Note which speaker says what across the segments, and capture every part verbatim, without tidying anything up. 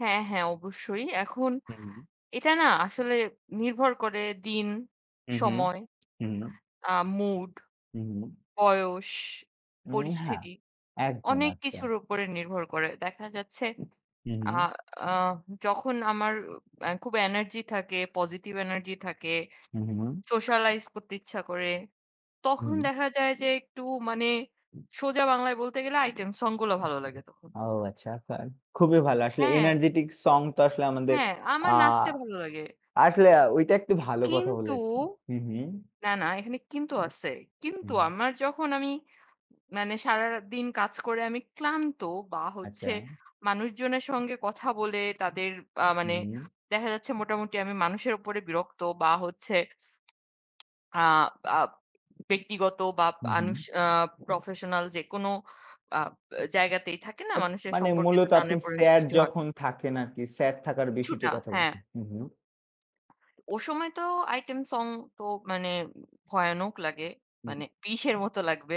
Speaker 1: হ্যাঁ, হ্যাঁ, অবশ্যই। এখন
Speaker 2: হুম।
Speaker 1: এটা না আসলে নির্ভর করে দিন
Speaker 2: উহু,
Speaker 1: সময়।
Speaker 2: উ
Speaker 1: আ মুড।
Speaker 2: উ
Speaker 1: বয়স,
Speaker 2: উ হ্যাঁ,
Speaker 1: পরিস্থিতি
Speaker 2: একদম,
Speaker 1: অনেক
Speaker 2: একটা।
Speaker 1: কিছুর উপরে নির্ভর করে। দেখা যাচ্ছে আ
Speaker 2: উহু।
Speaker 1: আ যখন আমার অ্যা খুব এনার্জি থাকে, পজিটিভ এনার্জি থাকে।
Speaker 2: হু, হু।
Speaker 1: socialize করতে ইচ্ছা করে। তখন
Speaker 2: হুম।
Speaker 1: দেখা যায় যে একটু মানে সোজা বাংলায় বলতে গেলে আইটেম সং গুলো ভালো লাগে তখন।
Speaker 2: ও আচ্ছা তাই খুবই ভালো। আসলে
Speaker 1: হ্যাঁ।
Speaker 2: energetic সং তো আসলে আমাদের
Speaker 1: হ্যাঁ,
Speaker 2: আ
Speaker 1: আমার নাচতে ভালো লাগে।
Speaker 2: আসলে ঐটা একটু ভালো কথা
Speaker 1: কিন্তু
Speaker 2: বলেছেন। হু, হু।
Speaker 1: না, না, এখানে কিন্তু আছে। কিন্তু
Speaker 2: হুম।
Speaker 1: আমার যখন আমি মানে সারারা দিন কাজ করে আমি ক্লান্ত বা হচ্ছে
Speaker 2: আচ্চা।
Speaker 1: মানুষজনের সঙ্গে কথা বলে তাদের আ
Speaker 2: হু,
Speaker 1: মানে
Speaker 2: হু।
Speaker 1: দেখা যাচ্ছে মোটামুটি আমি মানুষের উপরে বিরক্ত বা হচ্ছে আ আব ব্যক্তিগত বা
Speaker 2: হু,
Speaker 1: আনুস
Speaker 2: হু।
Speaker 1: আ professional যেকোনো আ অ্যা জায়গাতেই থাকে না।
Speaker 2: এত
Speaker 1: মানুষের
Speaker 2: মানে
Speaker 1: সম্পর্কে তো
Speaker 2: মূলত আপনি
Speaker 1: টানের-পরেন
Speaker 2: স্যাড
Speaker 1: সৃষ্টি হয়।
Speaker 2: যখন থাকেন আরকি স্যাড থাকার বেশি তো
Speaker 1: কিছুটা
Speaker 2: কথা
Speaker 1: হ্যাঁ।
Speaker 2: বলতে। হু, হু।
Speaker 1: ও সময় তো আইটেম সং তো মানে ভয়ানক লাগে।
Speaker 2: হুম।
Speaker 1: মানে বিষের মত লাগবে।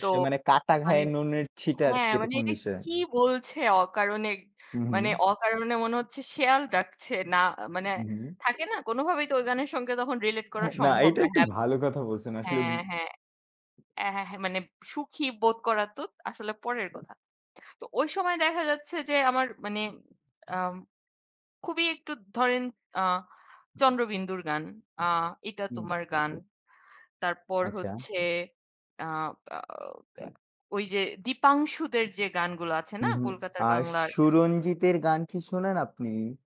Speaker 1: তো
Speaker 2: মানে কাটা
Speaker 1: মানে
Speaker 2: ঘায়ে নুনের ছিটা আর কি
Speaker 1: হ্যাঁ, মানে
Speaker 2: এরকম
Speaker 1: এটা
Speaker 2: বিষয়?
Speaker 1: কি বলছে অকারণে।
Speaker 2: হু,
Speaker 1: মানে
Speaker 2: হু।
Speaker 1: অকারণে মনে হচ্ছে শেয়াল ডাকছে। না মানে
Speaker 2: হু, হু।
Speaker 1: থাকে না কোনভাবেই তো ওই গানের সঙ্গে relate করা
Speaker 2: হ্যাঁ, না
Speaker 1: সম্ভব
Speaker 2: এটা
Speaker 1: না
Speaker 2: একটু
Speaker 1: হ্যাপ
Speaker 2: ভালো কথা বলছেন। আসলে
Speaker 1: হ্যাঁ, হ্যাঁ। অ্যা হ্যাঁ, হ্যাঁ, মানে সুখী বোধ করা তো আসলে পরের কথা। তো ওই সময় দেখা যাচ্ছে যে, আমার মানে আম খুবই একটু ধরেন আ 'চন্দ্রবিন্দু' র গান আ এটা
Speaker 2: হুম।
Speaker 1: তোমার গান। তারপর
Speaker 2: আচ্ছা।
Speaker 1: হচ্ছে আ আউ ওই যে দীপাংশুদের যে গান গুলো আছে
Speaker 2: হু,
Speaker 1: না
Speaker 2: হু,
Speaker 1: কলকাতার
Speaker 2: আ
Speaker 1: বাংলার
Speaker 2: সুরঞ্জিতের গান কি শোনেন আপনি?